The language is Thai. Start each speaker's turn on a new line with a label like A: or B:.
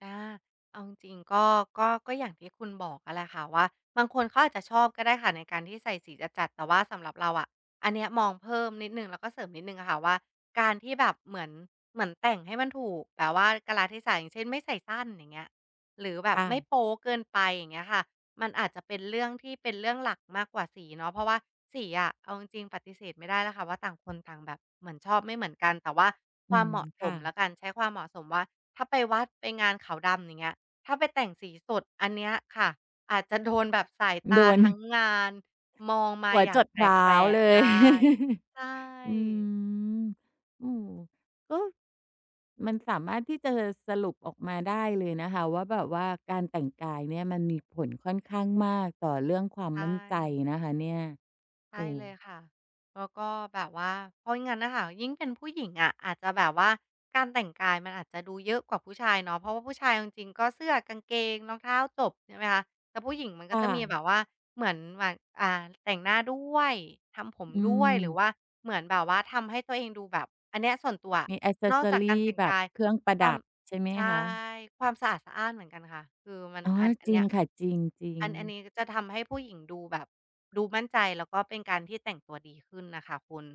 A: อา เอาจริง ๆ ก็ ก็ ก็อย่างที่คุณบอกอะแหละค่ะว่าบางคนเขาอาจจะชอบก็ได้ค่ะในการที่ใส่สีจัด ๆ แต่ว่าสำหรับเราอะ อันเนี้ยมองเพิ่มนิดหนึ่ง แล้วก็เสริมนิดหนึ่งอะค่ะ ว่าการที่แบบเหมือน เหมือนแต่งให้มันถูก แต่ว่า กาลเทศะ อย่างเช่น ไม่ใส่สั้น อย่างเงี้ย หรือแบบ
B: ค่
A: ไม่
B: ะ
A: โป๊เกินไป อย่างเงี้ยค่ะ มันอาจจะเป็นเรื่องที่เป็นเรื่องหลักมากกว่าสีเนาะ เพราะว่าสีอะ เอาจริง ๆ ปฏิเสธไม่ได้แล้วค่ะว่า ต่าง คนต่างแบบ เหมือนชอบไม่เหมือนกัน แต่ว่า
B: อ
A: ค
B: ื
A: วาม
B: ม
A: เหมาะ
B: ค
A: ส
B: ่
A: ม
B: ะ
A: แล้วกัน ใช้ความเหมาะสม ว่าถ้าไปวัด ไปงานขาวดำ อย่างเงี้ย ถ้าไปแต่งสีสด อันเนี้ยค่ะอาจจะ โดนแบบสายต
B: ด
A: า
B: วล
A: ทั้งงานมองม
B: ห
A: า
B: ัว
A: อย่า
B: จ
A: ง
B: ด
A: แ
B: เท้า
A: ปลก
B: เล
A: ๆ ไ
B: ย
A: ด้ ใช
B: อื
A: ่
B: ม อือ ก็ มันสามารถที่จะสรุปออกมาได้เลยนะคะว่าแบบว่าการแต่งกายเนี้ยมันมีผลค่อนข้างมากต่อเรื่องความ
A: ใช
B: มั่นใจ
A: ่
B: นะคะเนี่ย
A: ใช
B: อ
A: ่
B: ื
A: เลย
B: ม
A: ค่ะ แล้วก็แบบว่า เพราะอย่างงั้นน่ะค่ะ ยิ่งเป็นผู้หญิงอะอาจจะแบบว่า การแต่งกายมันอาจจะดูเยอะกว่าผู้ชายเนาะ เพราะว่าผู้ชายเอาจริง ๆ ก็เสื้อ กางเกง รองเท้า จบ ใช่ไหมคะ แต่ผู้หญิงมันก
B: ค
A: ็
B: ่
A: จะมีแ
B: ะ
A: บบว่าเหมือนหมัก อ่า แต่งหน้าด้วย ทำผม
B: อื
A: ด้วย หรือ
B: ม
A: ว่าเหมือนแบบว่าทำให้ตัวเองดูแบบ อันเนี้ยส่วนตัวอะ
B: มี แอกเซ
A: น
B: ส
A: อ
B: ซ
A: ก
B: อ
A: จาก
B: ร
A: กา
B: ี
A: รแต่ง
B: แบ
A: ก
B: บ
A: าย
B: เครื่องประ
A: คว
B: ด
A: าม
B: ับ ใช่ไหม
A: ใช่
B: คะ?
A: ความสะอาดสะอ้านเหมือนกันค่ะ คือมัน
B: อ๋อ
A: อัน อัน
B: จร
A: เน
B: ิ
A: ี้
B: ง
A: ย
B: ค่ะ จริง จริ
A: อัน อันน
B: ง
A: ี้จะทำให้ ผู้หญิงดูแบบ ดูมั่นใจ แล้วก็เป็นการที่แต่งตัวดีขึ้นน่ะค่ะคุณ